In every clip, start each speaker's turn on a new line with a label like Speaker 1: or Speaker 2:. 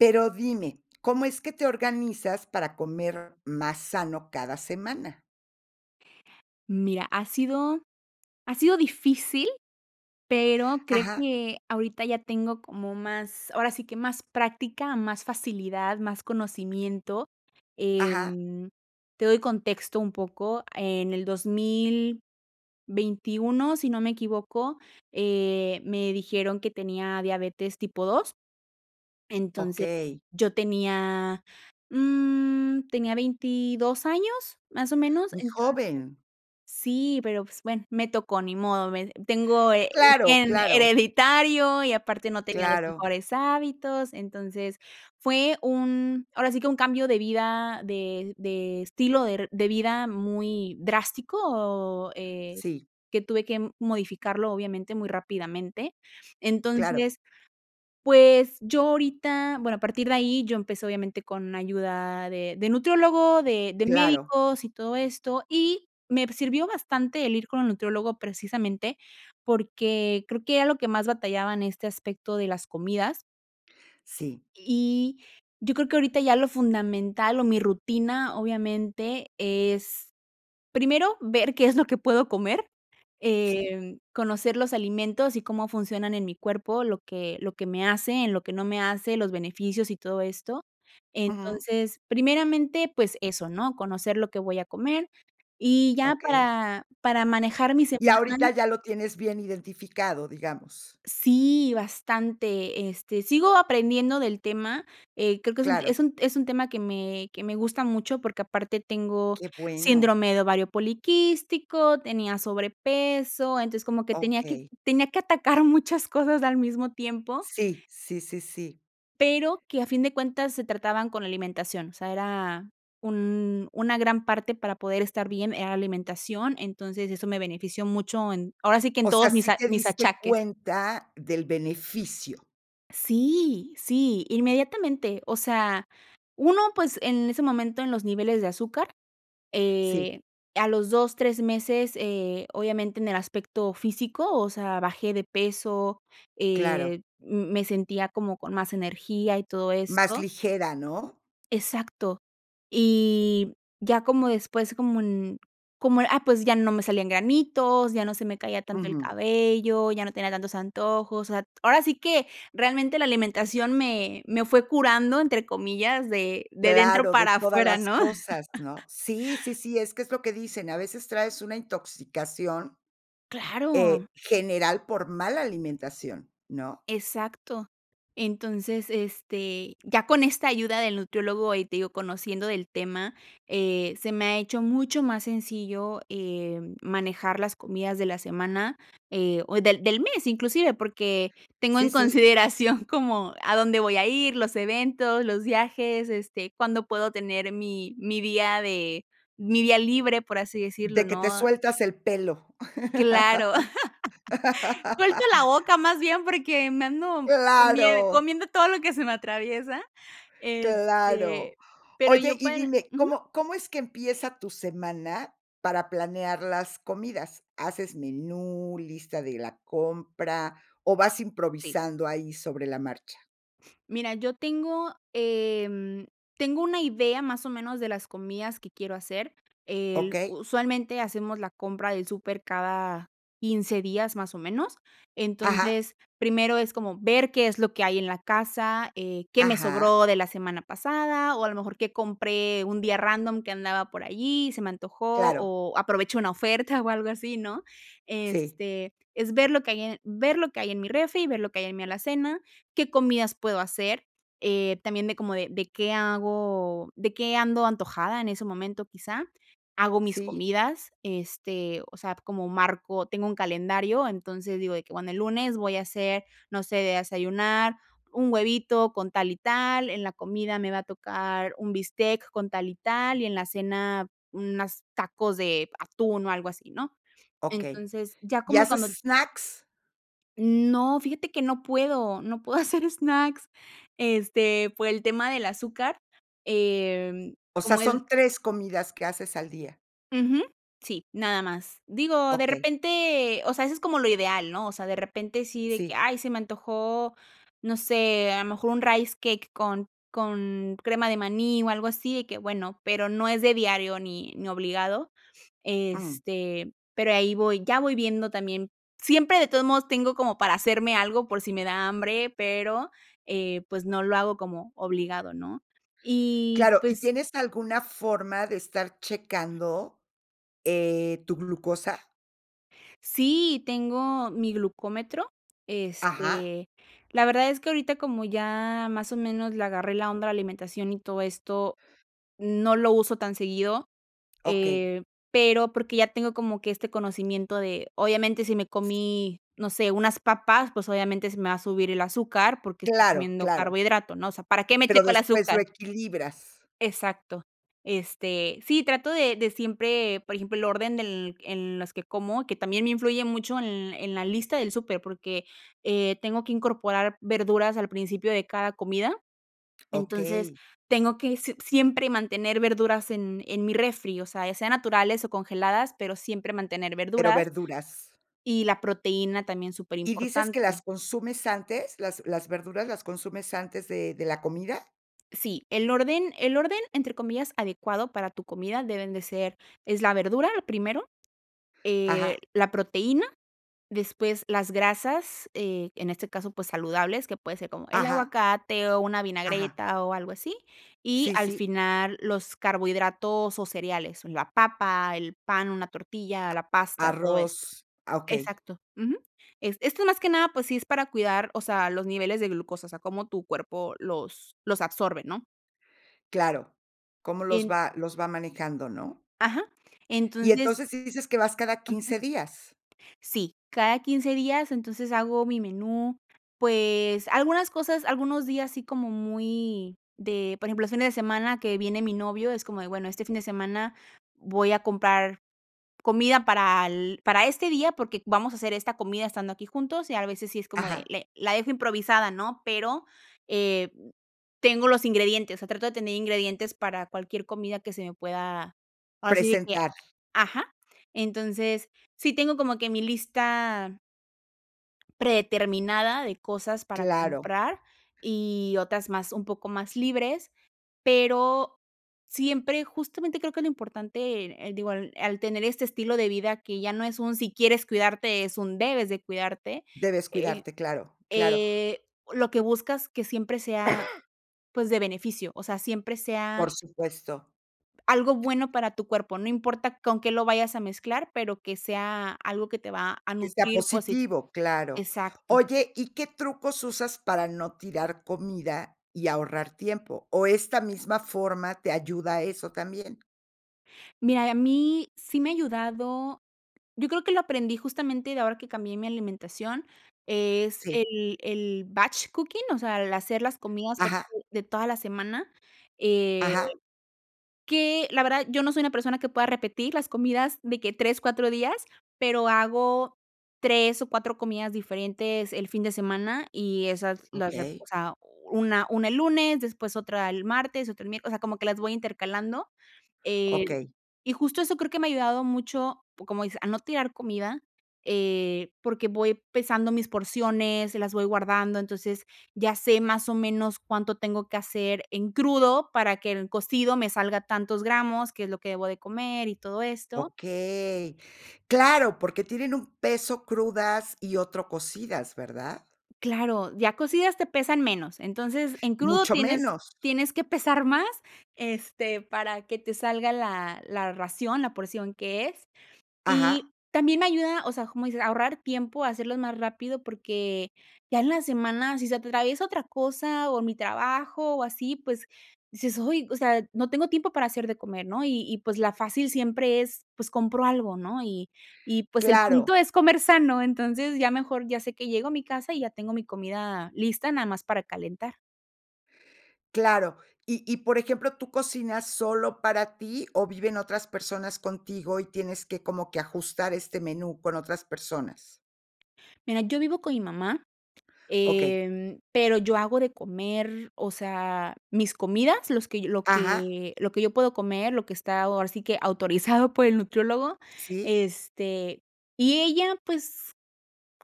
Speaker 1: Pero dime, ¿cómo es que te organizas para comer más sano cada semana?
Speaker 2: Mira, ha sido ha sido difícil, pero creo
Speaker 1: Ajá.
Speaker 2: que ahorita ya tengo como más ahora sí que más práctica, más facilidad, más conocimiento,
Speaker 1: Ajá.
Speaker 2: em, te doy contexto un poco, en el 2021 si no me equivoco, eh, me dijeron que tenía diabetes tipo 2. Entonces,
Speaker 1: Okey.
Speaker 2: yo tenía, mm, tenía, 22 años, más o menos.
Speaker 1: Muy
Speaker 2: Entonces
Speaker 1: joven.
Speaker 2: Sí, pero pues bueno, me tocó, ni modo, me Tengo, eh, un
Speaker 1: Claro,
Speaker 2: gen,
Speaker 1: claro.
Speaker 2: hereditario y aparte no tenía los
Speaker 1: Claro.
Speaker 2: mejores hábitos, entonces, fue un ahora sí que un cambio de vida, de de estilo der de vida muy drástico, eh,
Speaker 1: Sí.
Speaker 2: que tuve que modificarlo obviamente muy rápidamente.
Speaker 1: Claro.
Speaker 2: Entonces, pues, yo ahorita bueno, a partir de ahí yo empecé obviamente con ayuda de de nutriólogo, de de
Speaker 1: Claro.
Speaker 2: médicos y todo esto, y me p sirvió bastante el ir con el nutriólogo precisamente, porque creo que era lo que más batallaba en este aspecto de las comidas.
Speaker 1: Sí.
Speaker 2: Y yo creo que ahorita ya lo fundamental, o mi rutina obviamente es, primero ver qué es lo que puedo comer,
Speaker 1: Sí.
Speaker 2: em, conocer los alimentos y cómo funcionan en mi cuerpo, lo que lo que me hace, en lo que no me hace, los beneficios, y todo esto.
Speaker 1: Ujú.
Speaker 2: Entonces, primeramente, pues, eso, ¿no? Conocer lo que voy a comer, y ya
Speaker 1: Okey.
Speaker 2: para para manejar mi
Speaker 1: Y
Speaker 2: semana
Speaker 1: ahorita ya lo tienes bien identificado, digamos.
Speaker 2: Sí, bastante, este, sigo aprendiendo del tema, eh, creo que es un
Speaker 1: Claro.
Speaker 2: es un es un tema que me que me gusta mucho, porque aparte tengo
Speaker 1: Qué bueno.
Speaker 2: síndrome de ovario poliquístico, tenía sobrepeso, entonces como que tenía que
Speaker 1: Okey.
Speaker 2: tenía que atacar muchas cosas al mismo tiempo
Speaker 1: Sí, sí, sí, sí.
Speaker 2: pero que a fin de cuentas se trataban con alimentación, o sea era un una gran parte para poder estar bien, era alimentación, entonces eso me benefició mucho, en ahora sí que en
Speaker 1: O sea,
Speaker 2: todos mis
Speaker 1: ¿sí
Speaker 2: a
Speaker 1: te
Speaker 2: mis
Speaker 1: diste
Speaker 2: achaques.
Speaker 1: cuenta del beneficio?
Speaker 2: Sí, sí, inmediatamente. O sea, 1 pues, en ese momento en los niveles de azúcar,
Speaker 1: Sí.
Speaker 2: eh, a los 2, 3 meses, eh, obviamente, en el aspecto físico, o sea, bajé de peso,
Speaker 1: Claro.
Speaker 2: eh, m me sentía como con más energía y todo
Speaker 1: Más
Speaker 2: esto
Speaker 1: ligera, ¿no?
Speaker 2: Exacto. Y, ya como después, como en como, ah, pues ya no me salían granitos, ya no se me caía tanto el
Speaker 1: Ujú.
Speaker 2: cabello, ya no tenía tantos antojos. O sea, ahora sí que, realmente, la alimentación me, me fue "curando", entre comillas, de, de dentro
Speaker 1: Claro, de
Speaker 2: para
Speaker 1: todas
Speaker 2: afuera,
Speaker 1: las
Speaker 2: ¿no?
Speaker 1: cosas, ¿no? Sí, sí, sí, es que es lo que dicen, a veces traes una intoxicación, eh,
Speaker 2: Claro.
Speaker 1: general por mala alimentación, ¿no?
Speaker 2: Exacto. Entonces, este, ya con esta ayuda del nutriólogo, ahí te digo, conociendo del tema, eh, se me ha hecho mucho más sencillo, em, manejar las comidas de la semana, eh, o del del mes inclusive, porque, tengo
Speaker 1: Sí,
Speaker 2: en
Speaker 1: sí.
Speaker 2: consideración como a dónde voy a ir, los eventos, los viajes, este, cuándo puedo tener mi mi día de, mi día libre, por así decirlo,
Speaker 1: De que te
Speaker 2: ¿no?
Speaker 1: sueltas el pelo.
Speaker 2: Claro. Suelto la boca más bien, porque, me ando comie
Speaker 1: ¡Claro!
Speaker 2: comiendo todo lo que se me atraviesa,
Speaker 1: Claro.
Speaker 2: este, pero
Speaker 1: Oye,
Speaker 2: yo
Speaker 1: y
Speaker 2: para
Speaker 1: dime,
Speaker 2: Ujú.
Speaker 1: ¿cómo? ¿Cómo es que empieza tu semana, para planear las comidas? ¿Haces menú, lista de la compra, o vas
Speaker 2: Sí.
Speaker 1: improvisando ahí sobre la marcha?
Speaker 2: Mira, yo tengo, em, tengo una idea más o menos de las comidas que quiero hacer, el
Speaker 1: Okey.
Speaker 2: usualmente hacemos la compra del súper cada 15 días, más o menos.
Speaker 1: Ajá.
Speaker 2: Entonces, primero es como ver qué es lo que hay en la casa, eh, qué me
Speaker 1: Ajá.
Speaker 2: sobró de la semana pasada. O a lo mejor qué compré un día random que andaba por allí y se me antojó,
Speaker 1: Claro.
Speaker 2: o aprovechó una oferta o algo así, ¿no?
Speaker 1: Sí.
Speaker 2: Este, es ver lo que hay en ver lo que hay en mi refri y ver lo que hay en mi alacena. ¿Qué comidas puedo hacer? Eh, también de cómo de qué hago ¿De qué ando antojada en ese momento, quizá? Hago mis
Speaker 1: Sí.
Speaker 2: comidas, este, o sea, como marco tengo un calendario, entonces digo de que: "Bueno, el lunes voy a hacer, no sé, a desayunar, un huevito con tal y tal, en la comida me va a tocar un bistec con tal y tal, y en la cena unas tacos de atún o algo así, ¿no?".
Speaker 1: Okey.
Speaker 2: Entonces, ya
Speaker 1: ¿Y
Speaker 2: como
Speaker 1: haces
Speaker 2: cuando
Speaker 1: snacks?
Speaker 2: No, fíjate que no puedo. No puedo hacer snacks, este, por el tema del azúcar, eh,
Speaker 1: O sea,
Speaker 2: como es
Speaker 1: son 3 comidas que haces al día.
Speaker 2: Ujú. Sí, nada más. Digo, de
Speaker 1: Okey.
Speaker 2: repente, o sea, eso es como lo ideal, ¿no? O sea, de repente sí de que,
Speaker 1: Sí.
Speaker 2: ay, se me antojó, no sé, a lo mejor un Rice Cake con con crema de maní o algo así de que, bueno. Pero no es de diario ni ni obligado,
Speaker 1: Mm.
Speaker 2: este, pero ahí voy. Ya voy viendo también, siempre de todos modos, tengo como para hacerme algo por si me da hambre, pero, eh, pues no lo hago como obligado, ¿no? Y
Speaker 1: Claro. ¿Y
Speaker 2: pues
Speaker 1: tienes alguna forma de estar checando, eh, tu glucosa?
Speaker 2: Sí. Tengo mi glucómetro,
Speaker 1: Ajá.
Speaker 2: este, la verdad es que ahorita como ya más o menos le agarré la onda a la alimentación y todo esto, no lo uso tan seguido,
Speaker 1: Okey.
Speaker 2: eh, pero porque ya tengo como que este conocimiento de obviamente si me comí, no sé, unas papas, pues obviamente se me va a subir el azúcar, porque estoy
Speaker 1: Claro,
Speaker 2: comiendo
Speaker 1: claro.
Speaker 2: carbohidrato, ¿no? O sea, ¿para qué me
Speaker 1: Pero
Speaker 2: checo el
Speaker 1: después lo
Speaker 2: azúcar?
Speaker 1: equilibras.
Speaker 2: Exacto. Este, sí trato de de siempre, por ejemplo, el orden del en las que como, que también me influye mucho en en la lista del súper, porque, eh, tengo que incorporar verduras al principio de cada comida. Entonces,
Speaker 1: Okey.
Speaker 2: tengo que si siempre mantener verduras en, en mi refri, o sea, ya sea naturales o congeladas, pero siempre mantener
Speaker 1: Pero
Speaker 2: verduras
Speaker 1: verduras.
Speaker 2: y la proteína también,
Speaker 1: ¿Y dices que
Speaker 2: superimportante.
Speaker 1: las consumes antes? ¿Las las verduras las consumes antes de de la comida?
Speaker 2: Sí, el orden el orden entre comillas "adecuado" para tu comida deben de ser es la verdura, lo primero,
Speaker 1: Ajá.
Speaker 2: eh, la proteína, después las grasas, eh, en este caso, pues, saludables, que puede ser como el
Speaker 1: Ajá.
Speaker 2: aguacate o una
Speaker 1: Ajá.
Speaker 2: vinagreta o algo así, y
Speaker 1: Sí,
Speaker 2: al
Speaker 1: sí.
Speaker 2: final los carbohidratos o cereales, una papa, el pan, una tortilla, la
Speaker 1: Ah,
Speaker 2: pasta, todo esto.
Speaker 1: arroz, ah, okey.
Speaker 2: Exacto. Ujú. Es esto más que nada, pues sí es para cuidar, o sea, los niveles de glucosa, o sea, cómo tu cuerpo los los absorbe, ¿no?
Speaker 1: Claro, cómo los
Speaker 2: [unintelligible]
Speaker 1: va los va manejando, ¿no?
Speaker 2: Ajá.
Speaker 1: Y
Speaker 2: Entonces
Speaker 1: entonces, ¿sí dices que vas cada
Speaker 2: Ujú.
Speaker 1: 15 días?
Speaker 2: Sí, cada 15 días, entonces, hago mi menú. Pues, algunas cosas, algunos días, sí como muy de, por ejemplo, los fines de semana que viene mi novio, es como de: "Bueno, este fin de semana voy a comprar comida para el para este día porque vamos a hacer esta comida estando aquí juntos", y, al veces, si es como de
Speaker 1: Ajá.
Speaker 2: le la dejo improvisada, ¿no? Pero, eh, mm, tengo los ingredientes, o sea, trato de tener ingredientes para cualquier comida que se me pueda, así de que,
Speaker 1: Presentar.
Speaker 2: ajá. Entonces, sí tengo como que mi lista predeterminada de cosas para
Speaker 1: Claro.
Speaker 2: comprar y otras más un poco mas libres pero, siempre, justamente creo que lo importante en, eh, digo al al tener este estilo de vida que ya no es un: "Si quieres cuidarte", es un: "Debes de cuidarte",
Speaker 1: Debes
Speaker 2: eh,
Speaker 1: cuidarte, claro, claro.
Speaker 2: eh, lo que buscas que siempre sea, pues, de beneficio, o sea, siempre
Speaker 1: Por
Speaker 2: sea
Speaker 1: supuesto.
Speaker 2: algo bueno para tu cuerpo, no importa con que lo vayas a mezclar, pero que sea algo que te va a
Speaker 1: Que sea
Speaker 2: nutrir posit
Speaker 1: positivo, claro.
Speaker 2: exacto.
Speaker 1: Oye, ¿y qué trucos usas para no tirar comida y ahorrar tiempo, o esta misma forma te ayuda a eso también?
Speaker 2: Mira, y a mí, sí me ha ayudado. Yo creo que lo aprendí, justamente, de ahora que cambié mi alimentación, es
Speaker 1: Sí.
Speaker 2: el el batch cooking, o sea, el hacer las comidas, por
Speaker 1: Ajá.
Speaker 2: ejemplo, de toda la semana. Eh,
Speaker 1: Ajá.
Speaker 2: que, la verdad, yo no soy una persona que pueda repetir las comidas de que 3, 4 días, pero hago 3 o 4 comidas diferentes el fin de semana. Y esas las rep
Speaker 1: Okey.
Speaker 2: o sea, una una el lunes, después otra el martes, otra el miércoles, o sea, como que las voy intercalando. Eh,
Speaker 1: Okey.
Speaker 2: y, justo, eso creo que me ha ayudado mucho, como dices, a no tirar comida, eh, porque voy pesando mis porciones, las voy guardando. Entonces, ya sé, más o menos, cuánto tengo que hacer en crudo para que en cocido me salga tantos gramos, que es lo que debo de comer y todo esto.
Speaker 1: Okey. Claro, porque tienen un peso crudas y otro cocidas, ¿verdad?
Speaker 2: Claro, ya cocidas te pesan menos. Entonces, en crudo
Speaker 1: Mucho
Speaker 2: tienes
Speaker 1: menos.
Speaker 2: tienes que pesar más, este, para que te salga la la ración, la porción que es.
Speaker 1: Ajá.
Speaker 2: Y también ayuda o sea, como dices, a ahorrar tiempo, a hacerlos más rápido, porque, ya en la semana, si se atraviesa otra cosa o mi trabajo, o así, pues, dices: "Ay, o sea, no tengo tiempo para hacer de comer", ¿no? Y y, pues, la fácil siempre es, pues, compro algo, ¿no? Y y, pues, el
Speaker 1: Claro.
Speaker 2: punto es comer sano. Entonces, ya mejor ya sé que llego a mi casa y ya tengo mi comida lista, nada más para calentar.
Speaker 1: Claro. Y y, por ejemplo, ¿tú cocinas solo para ti, o viven otras personas contigo y tienes que, como que, ajustar este menú con otras personas?
Speaker 2: Mira, yo vivo con mi mamá,
Speaker 1: Okey.
Speaker 2: em, pero yo hago de comer o sea, mis comidas, los que lo
Speaker 1: Ajá.
Speaker 2: que lo que yo puedo comer, lo que está, ahora sí que, autorizado por el nutriólogo.
Speaker 1: Sí.
Speaker 2: Este, y ella, pues,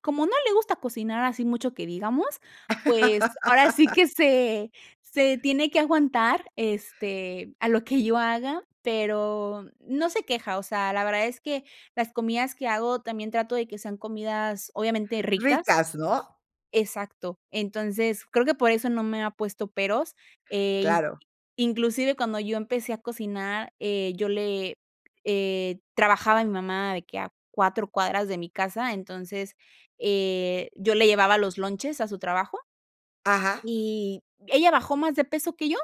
Speaker 2: como no le gusta cocinar así mucho que digamos, pues, ahora sí que se se tiene que aguantar, este, a lo que yo haga, pero no se queja. O sea, la verdad es que las comidas que hago también trato de que sean comidas, obviamente, ricas.
Speaker 1: Ricas, ¿no?
Speaker 2: Exacto. Entonces, creo que por eso no me ha puesto peros. Eh,
Speaker 1: Claro.
Speaker 2: inclusive, cuando yo empecé a cocinar, eh, yo le eh, trabajaba mi mamá de que a 4 cuadras de mi casa. Entonces, eh, yo le llevaba los lonches a su trabajo
Speaker 1: Ajá.
Speaker 2: Y, ella bajó más de peso que yo.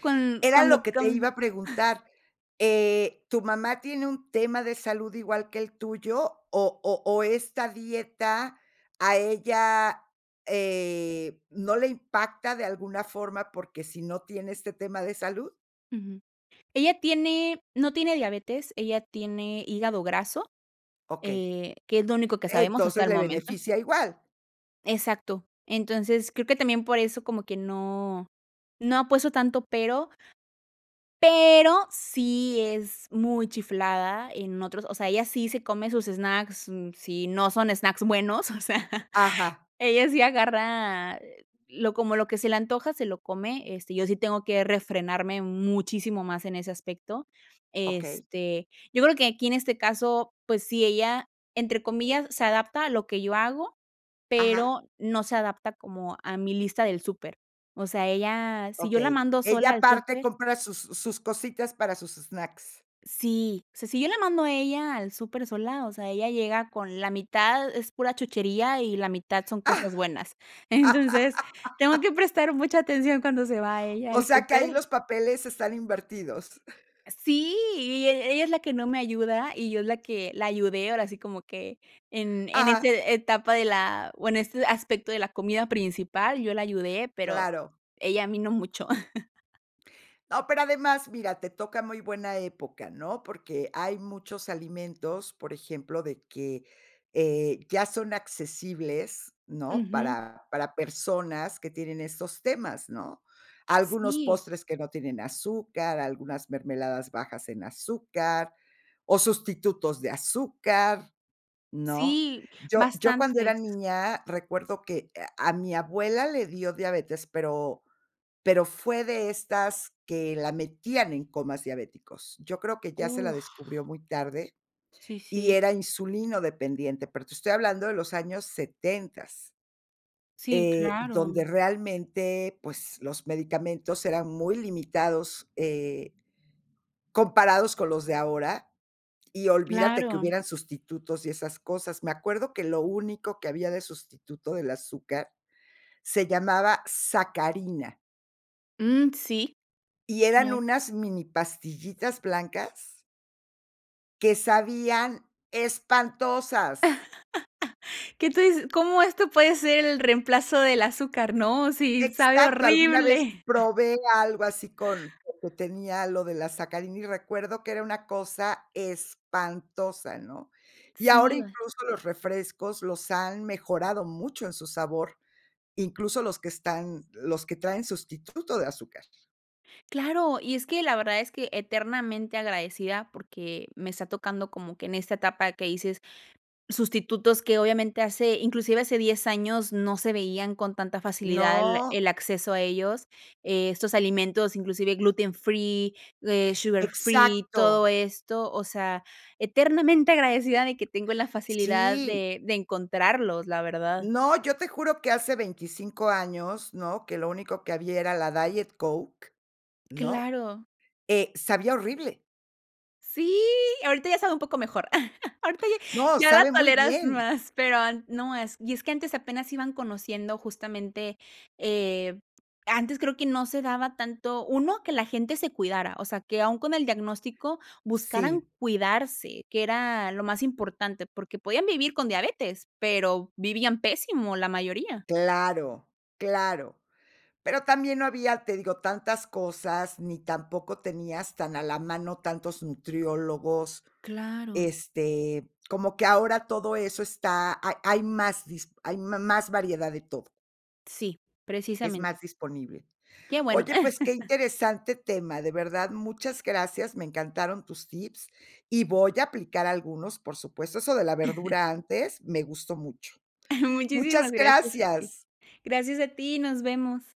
Speaker 2: Con
Speaker 1: Era lo
Speaker 2: cuando
Speaker 1: que te iba
Speaker 2: con
Speaker 1: a preguntar. Eh, ¿tu mamá tiene un tema de salud igual que el tuyo, o o o esta dieta, a ella, eh, no le impacta de alguna forma, porque sí no tiene este tema de salud?
Speaker 2: Ujú. Ella tiene no tiene diabetes, ella tiene hígado graso,
Speaker 1: Okey.
Speaker 2: eh, que es lo único que sabemos hasta
Speaker 1: Entonces,
Speaker 2: el
Speaker 1: ¿le
Speaker 2: momento.
Speaker 1: beneficia igual?
Speaker 2: Exacto. Entonces, creo que también por eso como que no, no ha puesto tanto pero pero sí es muy chiflada en otros o sea, ella sí se come sus snacks, mm, si no son snacks buenos, o sea,
Speaker 1: Ajá.
Speaker 2: ella sí agarra lo como lo que se le antoja, se lo come. Este, yo sí tengo que refrenarme muchísimo más en ese aspecto.
Speaker 1: Okey.
Speaker 2: Este, yo creo que aquí en este caso, pues sí, ella entre comillas se adapta a lo que yo hago,
Speaker 1: Ajá.
Speaker 2: pero no se adapta como a mi lista del súper. O sea, ella, si yo la
Speaker 1: Okey,
Speaker 2: mando
Speaker 1: ella
Speaker 2: sola al
Speaker 1: aparte
Speaker 2: súper
Speaker 1: compra sus sus sus cositas para sus snacks.
Speaker 2: Si, o sea, si yo la mando a ella al súper sola, o sea, ella llega con la mitad, es pura chuchería, y la mitad son cosas buenas. Entonces, tengo que prestar mucha atención cuando se va ella
Speaker 1: O
Speaker 2: al
Speaker 1: sea que
Speaker 2: súper.
Speaker 1: ahí los papeles están invertidos.
Speaker 2: Sí, e ella es la que no me ayuda, y yo la que la ayudé, ahora sí como que en en
Speaker 1: Ajá.
Speaker 2: ese etapa de la o en este aspecto de la comida principal, yo la ayudé, pero
Speaker 1: Claro.
Speaker 2: ella a mí no mucho.
Speaker 1: No, pero además, mira, te toca muy buena época, ¿no? Porque hay muchos alimentos, por ejemplo, de que, eh, ya son accesibles, ¿no?,
Speaker 2: Ujú.
Speaker 1: para para personas que tienen estos temas, ¿no? Algunos
Speaker 2: Sí.
Speaker 1: postres que no tienen azúcar, algunas mermeladas bajas en azúcar, o sustitutos de azúcar, ¿no?
Speaker 2: Sí,
Speaker 1: Yo yo cuando era
Speaker 2: bastantes.
Speaker 1: niña recuerdo que, eh, a mi abuela le dio diabetes, pero pero fue de estas que la metían en comas diabéticos. Yo creo que ya se la
Speaker 2: Uf.
Speaker 1: descubrió muy tarde,
Speaker 2: Sí,
Speaker 1: y
Speaker 2: sí.
Speaker 1: era insulinodependiente, pero te estoy hablando de los años setentas
Speaker 2: Sí,
Speaker 1: eh,
Speaker 2: claro.
Speaker 1: donde realmente, pues, los medicamentos eran muy limitados, eh comparados con los de ahora, y olvídate que
Speaker 2: Claro.
Speaker 1: hubieran sustitutos y esas cosas. Me acuerdo que lo único que había de sustituto del azúcar se llamaba sacarina.
Speaker 2: Mm, sí.
Speaker 1: Y eran
Speaker 2: Claro.
Speaker 1: unas mini pastillitas blancas que sabían espantosas.
Speaker 2: ¿Qué tú dices? ¿Cómo esto puede ser el reemplazo del azúcar? No, si sabe
Speaker 1: Exacto, alguna vez
Speaker 2: horrible.
Speaker 1: probé algo así con lo que tenía lo de la sacarina, y recuerdo que era una cosa espantosa, ¿no? Y
Speaker 2: Sí,
Speaker 1: ahora
Speaker 2: iba.
Speaker 1: incluso los refrescos los han mejorado mucho en su sabor, incluso los que están los que traen sustituto de azúcar.
Speaker 2: Claro, y es que la verdad es que, eternamente agradecida, porque me está tocando como que en esta etapa que dices sustitutos que obviamente hace, inclusive hace 10 años no se veían con tanta facilidad el
Speaker 1: No.
Speaker 2: el acceso a ellos, eh, estos alimentos, inclusive gluten-free, eh, sugar-free, todo
Speaker 1: Exacto.
Speaker 2: esto, o sea, eternamente agradecida de que tengo la facilidad
Speaker 1: Sí.
Speaker 2: de de encontrarlos, la verdad.
Speaker 1: No, yo te juro que hace 25 años, ¿no? Que lo único que había era la Diet Coke, ¿no?
Speaker 2: Claro.
Speaker 1: Eh, sabía horrible.
Speaker 2: Sí, ahorita ya sabe un poco mejor, ahorita ya
Speaker 1: No,
Speaker 2: ya la
Speaker 1: sabe muy
Speaker 2: toleras
Speaker 1: bien.
Speaker 2: más, pero an no, es y es que antes apenas iban conociendo justamente, eh, antes creo que no se daba tanto, 1 que la gente se cuidara, o sea, que aún con el diagnóstico
Speaker 1: Sí.
Speaker 2: buscaran cuidarse, que era lo más importante, porque podían vivir con diabetes, pero vivían pésimo la mayoría.
Speaker 1: Claro, claro. Pero también no había, te digo, tantas cosas, ni tampoco tenías tan a la mano tantos nutriólogos,
Speaker 2: Claro.
Speaker 1: este, como que ahora todo eso está hay hay más dispo hay ma más variedad de todo.
Speaker 2: Sí,
Speaker 1: Es
Speaker 2: precisamente.
Speaker 1: más disponible.
Speaker 2: Que bueno.
Speaker 1: Oye, pues que interesante tema, de verdad muchas gracias, me encantaron tus tips, y voy a aplicar algunos, por supuesto, eso de la verdura antes, me gustó mucho.
Speaker 2: Muchísimas
Speaker 1: Muchas
Speaker 2: gracias a ti.
Speaker 1: gracias.
Speaker 2: Gracias a ti, nos vemos.